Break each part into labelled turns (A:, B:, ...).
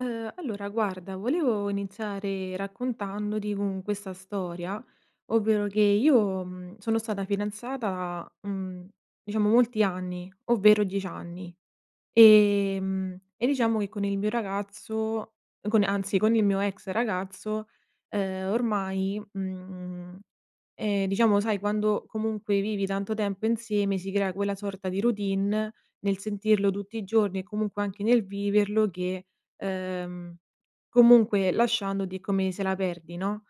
A: Ehm, allora guarda volevo iniziare raccontandoti con questa storia, ovvero che io, mhmm, sono stata fidanzata, mhmm, diciamo molti anni, ovvero 10 anni, ehm, e diciamo che con il mio ragazzo, con anzi, con il mio ex ragazzo, ehm, ormai, mhmm ehm, diciamo sai quando comunque vivi tanto tempo insieme, si crea quella sorta di routine nel sentirlo tutti i giorni e comunque anche nel viverlo che, ehm, comunque lasciandoti è come se la perdi, no.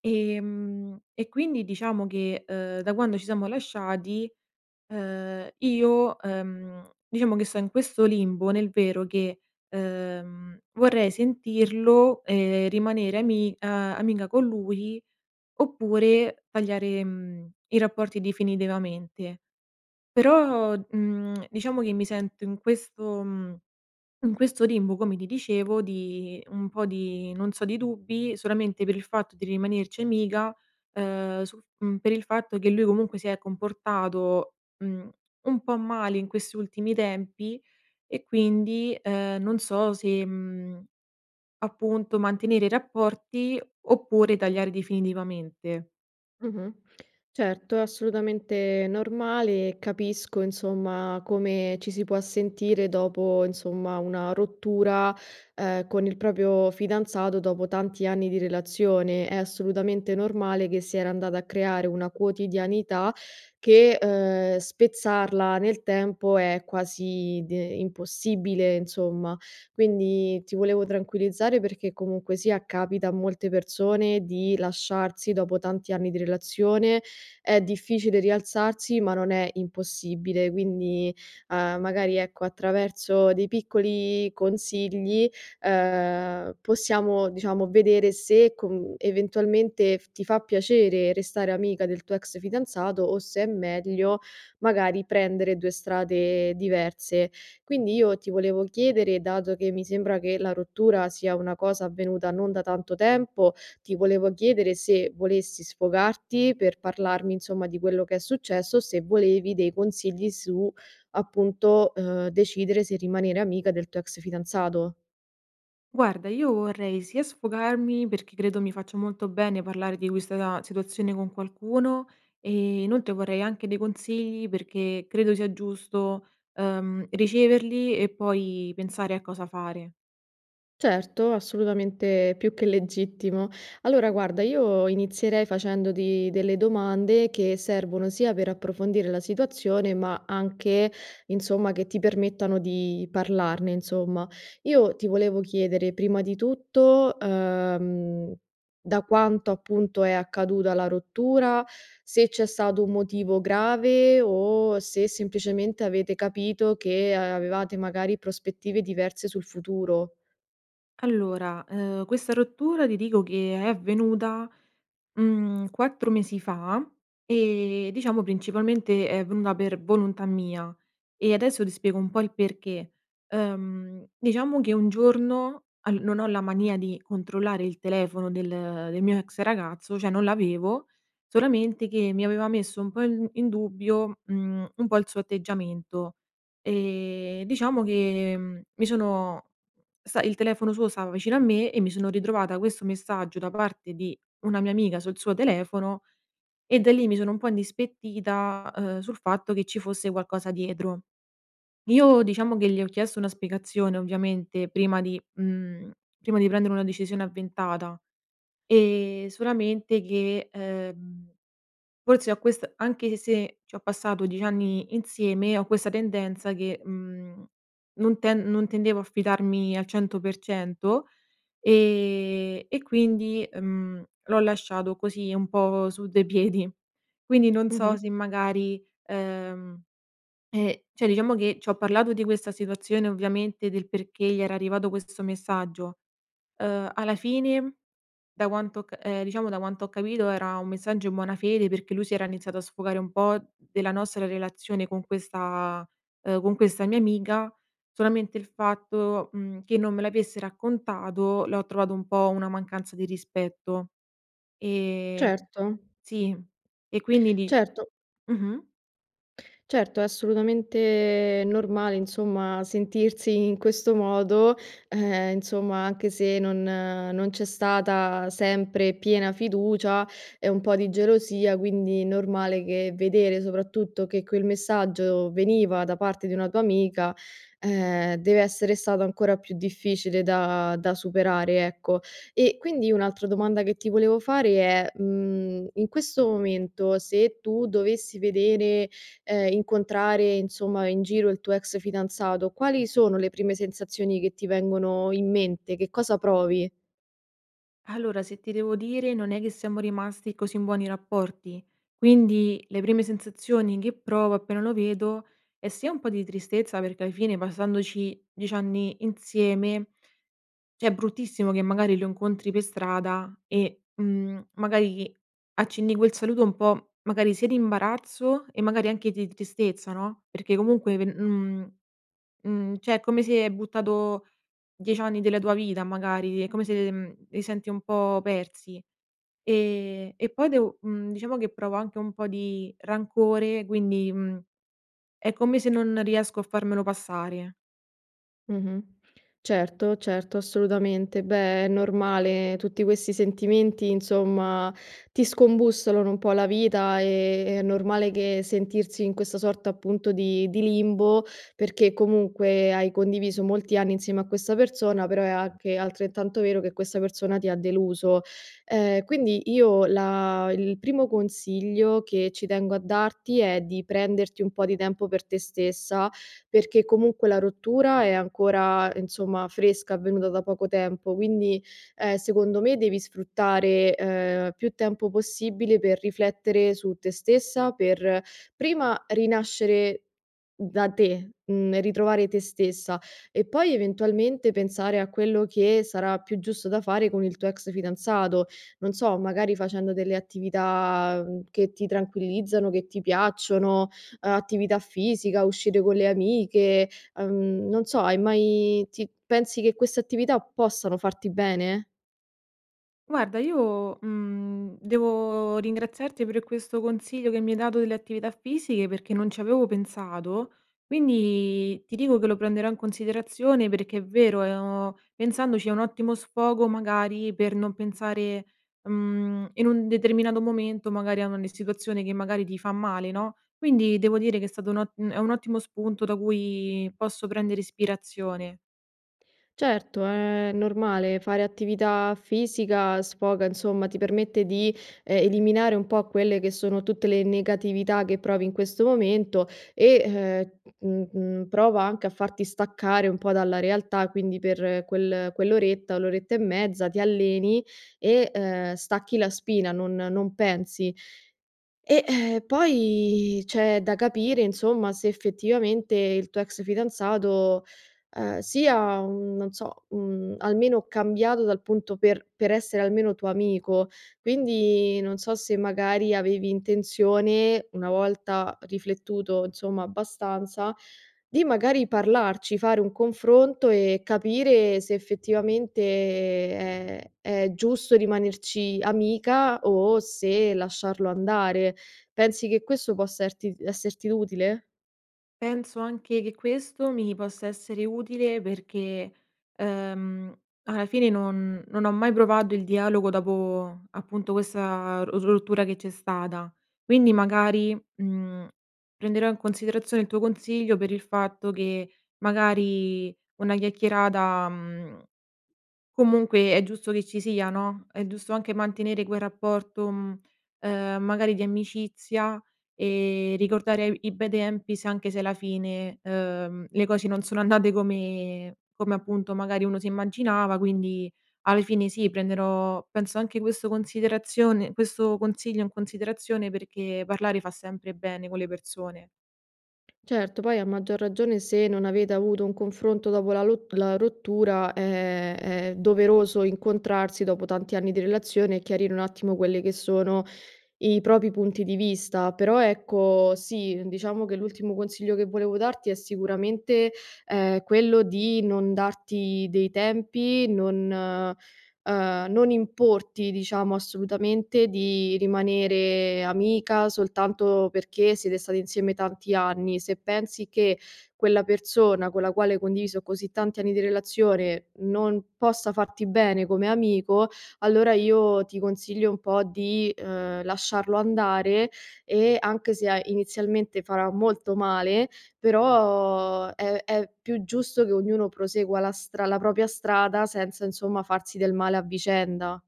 A: Ehm, e quindi diciamo che, ehm, da quando ci siamo lasciati, ehm, io, ehm, diciamo che sto in questo limbo nel vero che, ehm, vorrei sentirlo e rimanere ami a amica con lui, oppure tagliare, mhmm, i rapporti definitivamente. Però, mhmm, diciamo che mi sento in questo, mhmm in questo limbo come ti dicevo di un po' di non so, di dubbi, solamente per il fatto di rimanerci amica, ehm, sul f mhmm, per il fatto che lui comunque si è comportato, mhmm, un po' male in questi ultimi tempi e quindi, ehm, non so se, mhmm, appunto mantenere i rapporti oppure tagliare definitivamente.
B: Mh-mh. Certo, assolutamente normale. Capisco insomma come ci si può sentire dopo, insomma, una rottura, ehm, con il proprio fidanzato, dopo tanti anni di relazione. È assolutamente normale che si era andata a creare una quotidianità che, ehm, spezzarla nel tempo è quasi d impossibile, insomma. Quindi ti volevo tranquillizzare perché comunque sia capita a molte persone di lasciarsi dopo tanti anni di relazione, è difficile rialzarsi ma non è impossibile. Quindi, uhm, magari ecco, attraverso dei piccoli consigli, uhm, possiamo diciamo vedere se con eventualmente f ti fa piacere restare amica del tuo ex fidanzato o se è meglio magari prendere 2 strade diverse. Quindi io ti volevo chiedere dato che mi sembra che la rottura sia una cosa avvenuta non da tanto tempo, ti volevo chiedere se volessi sfogarti per parlarmi insomma di quello che è successo, se volevi dei consigli su, appunto, uhm, decidere se rimanere amica del tuo ex fidanzato.
A: Guarda io vorrei sia sfogarmi perché credo mi faccia molto bene parlare di questa na situazione con qualcuno, ehm, inoltre vorrei anche dei consigli perché credo sia giusto, uhm, riceverli e poi, pensare a cosa fare.
B: Certo, assolutamente più che legittimo. Allora guarda io inizierei facendoti delle domande che servono sia per approfondire la situazione, ma anche insomma che ti permettano di parlarne, insomma. Io ti volevo chiedere prima di tutto, uhm, da quanto appunto è accaduta la rottura, se c'è stato un motivo grave o se semplicemente, avete capito che avevate magari prospettive diverse sul futuro.
A: Allora, uhm, questa rottura ti dico che è avvenuta, mhmm, 4 mesi fa; e, diciamo principalmente è avvenuta per volontà mia, e adesso ti spiego un po' il perché. Uhm, diciamo che un giorno, al non ho la mania di controllare il telefono del del mio ex ragazzo, cioè non l'avevo, solamente che mi aveva messo un po' in d in dubbio, mhmm, un po' il suo atteggiamento. E, diciamo che, mhmm, mi sono sta il telefono suo stava vicino a me e mi sono ritrovata questo messaggio da parte di una mia amica sul suo telefono e da lì mi sono un po' indispettita, ehm, sul fatto che ci fosse qualcosa dietro. Io diciamo che gli ho chiesto una spiegazione ovviamente prima di mhmm, prima di prendere una decisione avventata. Ehm, solamente che uhm, forse ho quest anche se, ci ho passato 10 anni insieme, ho questa tendenza che, mhmm, non tend non tendevo a fidarmi al 100%. Ehm, e quindi, mhmm, l'ho lasciato così un po' su due piedi. Quindi non so
B: Mh-mh.
A: se magari, ehm, eh, cioè diciamo che, ci ho parlato di questa situazione ovviamente, del perché gli era arrivato questo messaggio. Uhm, alla fine, da quanto ho ca uhm, diciamo, da quanto ho capito era un messaggio in buona fede, perché lui si era iniziato a sfogare un po' della nostra relazione con questa, uhm, con questa mia amica. Solamente il fatto, mhmm, che non me l'avesse raccontato, l'ho trovato un po' una mancanza di rispetto. Ehm,
B: Certo.
A: sì. E quindi di
B: Certo.
A: Mh-mh.
B: Certo, è assolutamente normale insomma, sentirsi in questo modo. Ehm, insomma anche se, non non c'è stata sempre piena fiducia e un po' di gelosia, quindi normale che vedere, soprattutto, che quel messaggio veniva da parte di una tua amica, ehm, deve essere stato ancora più difficile da da superare, ecco. E quindi, un'altra domanda che ti volevo fare è: mhmm, in questo momento, se tu dovessi vedere, ehm, incontrare insomma in giro il tuo ex fidanzato, quali sono le prime sensazioni che ti vengono in mente? Che cosa provi?
A: Allora se ti devo dire, non è che siamo rimasti così in buoni rapporti. Quindi, le prime sensazioni che provo appena lo vedo, è sia un po' di tristezza perché ai fine, passandoci 10 anni insieme, cioè è bruttissimo che magari lo incontri per strada, e, mhmm, magari accenni quel saluto un po', magari sia di imbarazzo e magari anche di tristezza no? Perché comunque pe mhmm, mhmm, cioè è come se, hai buttato 10 anni della tua vita magari, è come se, mhmm, li senti un po' persi. E e poi devo mhmm, diciamo che provo anche un po' di rancore quindi, mhmm, è come se non riesco a farmelo passare.
B: Mh-mh, certo, certo, assolutamente. Beh, è normale, tutti questi sentimenti insomma ti scombussolano un po' la vita, ehm, è normale che sentirsi in questa sorta appunto di di limbo, perché comunque hai condiviso molti anni insieme a questa persona, però è anche altrettanto vero che questa persona ti ha deluso. Ehm, quindi io la il primo consiglio che ci tengo a darti è di prenderti un po' di tempo per te stessa, perché comunque la rottura è ancora, insomma, fresca, avvenuta da poco tempo, quindi, ehm, secondo me devi sfruttare, ehm, più tempo possibile per riflettere su te stessa, per prima rinascere da te, mhmm, ritrovare te stessa e poi eventualmente pensare a quello che sarà più giusto da fare con il tuo ex fidanzato, non so, magari facendo delle attività, mhmm, che ti tranquillizzano, che ti piacciono, ehm, attività fisica, uscire con le amiche, uhm, non so, hai mai ti pensi che queste attività possano farti bene?
A: Guarda io, mhmm, devo ringraziarti per questo consiglio che mi hai dato delle attività fisiche perché non ci avevo pensato, quindi ti dico che lo prenderò in considerazione perché è vero, è ho pensandoci è un ottimo sfogo magari per non pensare, mhmm, in un determinato momento, magari, a ogni situazione che magari ti fa male, no? Quindi, devo dire che è stato un o mhmm, è un ottimo spunto da cui posso prendere ispirazione.
B: Certo è normale, fare attività fisica sfoga, insomma, ti permette di, ehm, eliminare un po' quelle che sono tutte le negatività che provi in questo momento e, uhm, mhmm, mhmm, prova anche a farti staccare un po' dalla realtà, quindi per quel quell'oretta, o l'oretta e mezza ti alleni e, uhm, stacchi la spina, non non pensi. E, ehm, poi c'è da capire, insomma, se effettivamente il tuo ex fidanzato, ehm, sia, mhmm, non so, mhmm, almeno cambiato dal punto per per essere almeno tuo amico. Quindi, non so se magari avevi intenzione, una volta riflettuto insomma abbastanza, di magari parlarci, fare un confronto e capire se effettivamente è è giusto rimanerci amica o se lasciarlo andare. Pensi che questo possa erti [unintelligible] esserti utile?
A: Penso anche che questo mi possa essere utile perché, uhm, alla fine non non ho mai provato il dialogo dopo, appunto, questa ros rottura che c'è stata. Quindi magari, mhmm, prenderò in considerazione il tuo consiglio per il fatto che, magari, una chiacchierata, mhmm, comunque è giusto che ci sia, no, è giusto anche mantenere quel rapporto, mhmm, ehm, magari di amicizia e ricordare e vi i bei tempi se anche se alla fine, uhm, le cose non sono andate come come, appunto, magari uno si immaginava. Quindi alle fine sì, prenderò penso anche questo considerazione questo consiglio in considerazione perché parlare fa sempre bene con le persone.
B: Certo, poi a maggior ragione, se non avete avuto un confronto dopo la lo la rottura è è doveroso incontrarsi dopo tanti anni di relazione e chiarire un attimo quelli che sono i propri punti di vista. Però ecco sì diciamo che l'ultimo consiglio che volevo darti è sicuramente, ehm, quello di non darti dei tempi, non, ehm, non importi diciamo assolutamente di rimanere amica soltanto perché siete stati insieme tanti anni. Se pensi che quella persona con la quale hai condiviso così tanti anni di relazione non possa farti bene come amico, allora io ti consiglio un po' di, uhm, lasciarlo andare e anche se a inizialmente farà molto male, però è è più giusto che ognuno prosegua la stra la propria strada senza insomma farsi del male a vicenda.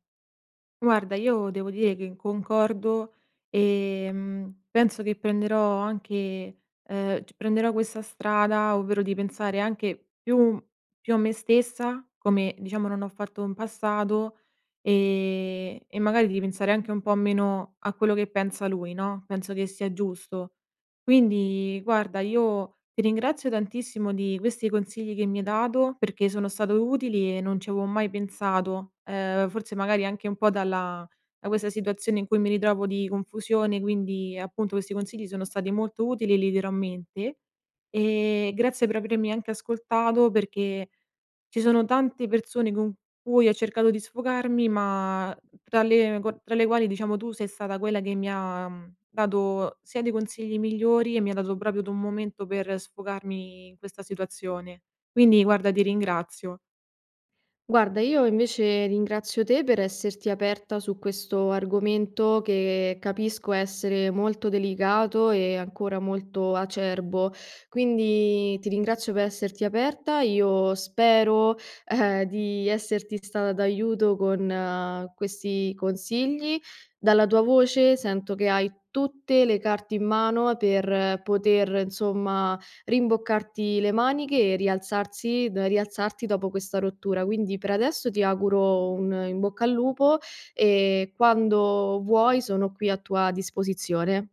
A: Guarda io devo dire che concordo ehm, penso che prenderò anche ehm, prenderò questa strada ovvero di pensare anche più più a me stessa, come diciamo non ho fatto in passato e e magari di ripensare anche un po' meno a quello che pensa lui no, penso che sia giusto. Quindi guarda io ti ringrazio tantissimo di questi consigli che mi hai dato perché sono stato utili e non ci avevo mai pensato. Ehm, forse magari anche un po' dalla da questa situazione in cui mi ritrovo di confusione quindi appunto questi consigli sono stati molto utili e li terrò a mente. E grazie per avermi anche ascoltato perché ci sono tante persone con cui ho cercato di sfogarmi ma tra le tra le quali diciamo tu sei stata quella che mi ha dato sia dei consigli migliori e mi ha dato proprio d un momento per sfogarmi in questa situazione. Quindi guarda di ringrazio.
B: Guarda io invece ringrazio te per esserti aperta su questo argomento che capisco essere molto delicato e ancora molto acerbo, quindi ti ringrazio per esserti aperta. Io spero di esserti stata d'aiuto con questi consigli. Dalla tua voce sento che hai tutte le carte in mano per poter insomma rimboccarti le maniche e rialzarsi da rialzarti dopo questa rottura. Quindi per adesso ti auguro un "in bocca al lupo" e quando vuoi sono qui a tua disposizione.